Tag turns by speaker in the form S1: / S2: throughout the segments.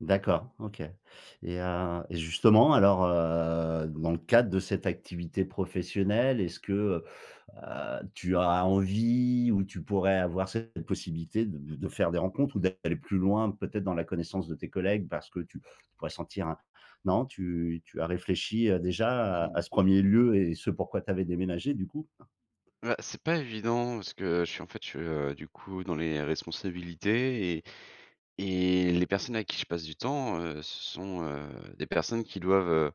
S1: D'accord, OK et heu et justement alors, heu, dans le cadre de cette activité professionnelle, est-ce que, heu, tu as envie, ou tu pourrais avoir cette possibilité de de faire des rencontres ou d'aller plus loin, peut-être dans la connaissance de tes collègues? Parce que tu pourrais sentir, un non, tu tu as réfléchi, heu, déjà à
S2: [unintelligible]
S1: à ce 1er lieu et ce pourquoi tu avais déménagé du coup?
S2: Ouais, c'est pas évident, parce que je suis en fait, je suis, heu, du coup dans les responsabilités et et les personnes avec qui je passe du temps, heu, ce sont, heu, des personnes qui doivent, heu,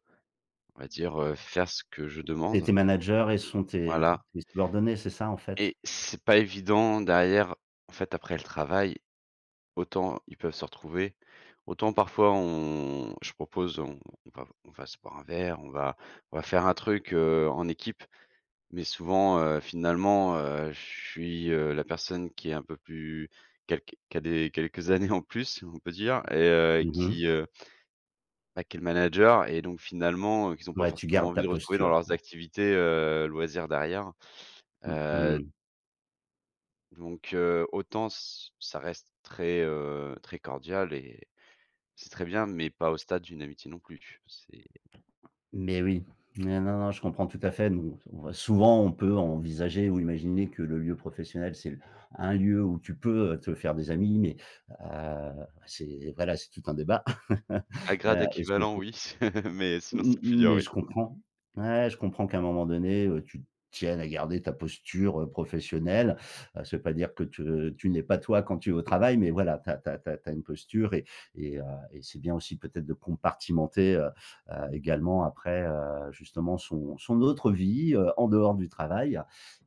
S2: on va dire, heu, faire ce que je
S1: Et tes
S2: demande.
S1: managers, elles sont tes
S2: Voilà.
S1: tes subordonnées, c'est ça, en fait?
S2: Et c'est pas évident derrière en fait, après le travail, autant ils peuvent se retrouver, autant parfois on je propose on va on on va se boire un verre, on va on va faire un truc, heu, en équipe. Mais souvent, heu, finalement, heu, je suis, heu, la personne qui a un peu plus qui a qui a des quelques années en plus, ou on peut dire, et heu,
S1: Mmh mh.
S2: qui heu bah, qui est le manager et donc finalement, heu, qu'ils ont pas
S1: Ouais, tu
S2: forcément
S1: gardes ta
S2: envie de retrouver dans
S1: posture,
S2: leurs
S1: quoi.
S2: activités, heu, loisirs derrière,
S1: Mmh
S2: heu
S1: mh.
S2: donc heu, autant c ça reste très, heu, très cordial et c'est très bien, mais pas au stade d'une amitié non plus, c'est
S1: Mais oui, non, non, je comprends tout à fait, non on va souvent, on peut envisager ou imaginer que le lieu professionnel, c'est l un lieu où tu peux, heu, te faire des amis, mais, heu, c'est voilà, c'est tout un débat,
S2: A grade
S1: heu et ce que je
S2: équivalent
S1: trou
S2: oui, mais
S1: m
S2: sinon c'est
S1: m m
S2: plus dur
S1: mais
S2: oui.
S1: je comprends, ouais, je comprends qu'à un moment donné, tu tiennes à garder ta posture, heu, professionnelle. Heu, ça veut pas dire que te, heu, tu n'es pas toi, quand tu es au travail, mais voilà, tu as tu as tu as une posture et et heu et c'est bien aussi peut-être, de compartimenter, heu, heu, également après, heu, justement son son autre vie, heu, en dehors du travail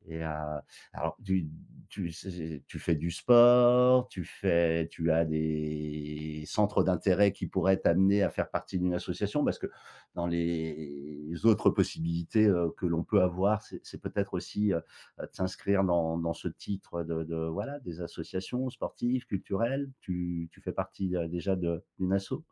S1: et heu, alors tu tu zai zai tu fais du sport, tu fais tu as des centres d'intérêt qui pourraient t'amener à faire partie d'une association? Parce que dans les autres possibilités, heu, que l'on peut avoir, c'est c'est peut-être aussi, heu heu, de s'inscrire dans dans ce titre de de voilà, des associations sportives, culturelles. Tu tu fais partie, heu, déjà de d'une asso?